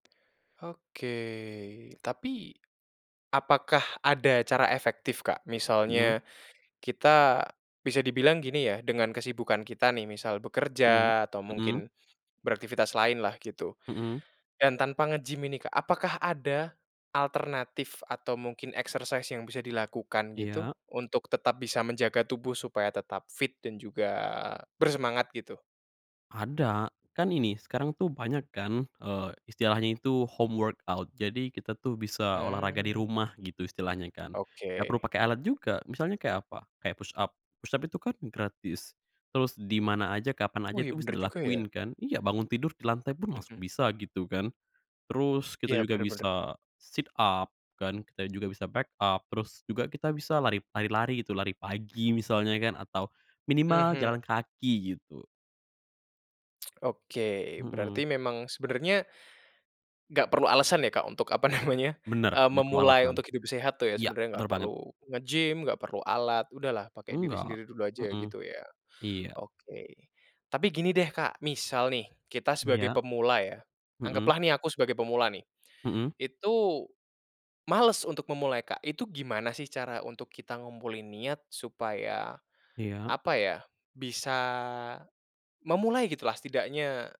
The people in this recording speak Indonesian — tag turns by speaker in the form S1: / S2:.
S1: Oke, tapi, apakah ada cara efektif Kak?
S2: Mhm.
S1: Misalnya kita bisa dibilang gini ya, dengan kesibukan kita nih, misal
S2: Iya,
S1: bekerja atau
S2: mhm.
S1: mungkin beraktivitas lainlah gitu
S2: Mhm.
S1: dan tanpa nge-gym ini Kak, apakah ada alternatif atau mungkin exercise yang bisa dilakukan gitu
S2: Iya.
S1: untuk tetap bisa menjaga tubuh supaya tetap fit dan juga bersemangat gitu?
S2: Ada, kan ini sekarang tuh banyak kan, eee, istilahnya itu home workout jadi kita tuh bisa olahraga di
S1: Mmm.
S2: rumah gitu istilahnya kan, ngak perlu
S1: Oke.
S2: pake alat juga. Misalnya kayak apa, kayak push up, push up itu kan gratis, terus di mana aja kapan aja
S1: Wih
S2: itu bisa
S1: benar juga ya.
S2: dilakuin kan, iya bangun tidur di lantai pun langsung
S1: Mhm.
S2: bisa gitu kan. Terus kita
S1: Iya,
S2: juga
S1: benar benar.
S2: bisa sit up kan, kita juga bisa back up terus juga kita bisa lari lari-lari gitu, lari pagi misalnya kan atau minimal
S1: Mhm.
S2: jalan kaki gitu.
S1: Oke,
S2: Mhm.
S1: berarti memang sebenarnya nggak perlu alasan ya Kak untuk apa namanya,
S2: Benar,
S1: eee,
S2: nggak perlu
S1: memulai
S2: alasan.
S1: untuk hidup sehat tuh ya
S2: Iya
S1: sebenarnya
S2: benar
S1: nggak
S2: banget.
S1: perlu nge-gym, nggak perlu alat, udahlah pakai diri
S2: Enggak,
S1: sendiri dulu aja ya,
S2: mhm.
S1: gitu ya.
S2: Iya.
S1: Oke, tapi gini deh Kak, misal nih kita sebagai
S2: Iya.
S1: pemula ya,
S2: Mhm.
S1: anggaplah nih aku sebagai pemula nih.
S2: Mhm.
S1: Itu, males untuk memulai Kak, itu gimana sih cara untuk kita ngumpulin niat supaya,
S2: Iya.
S1: apa ya, bisa memulai gitulah setidaknya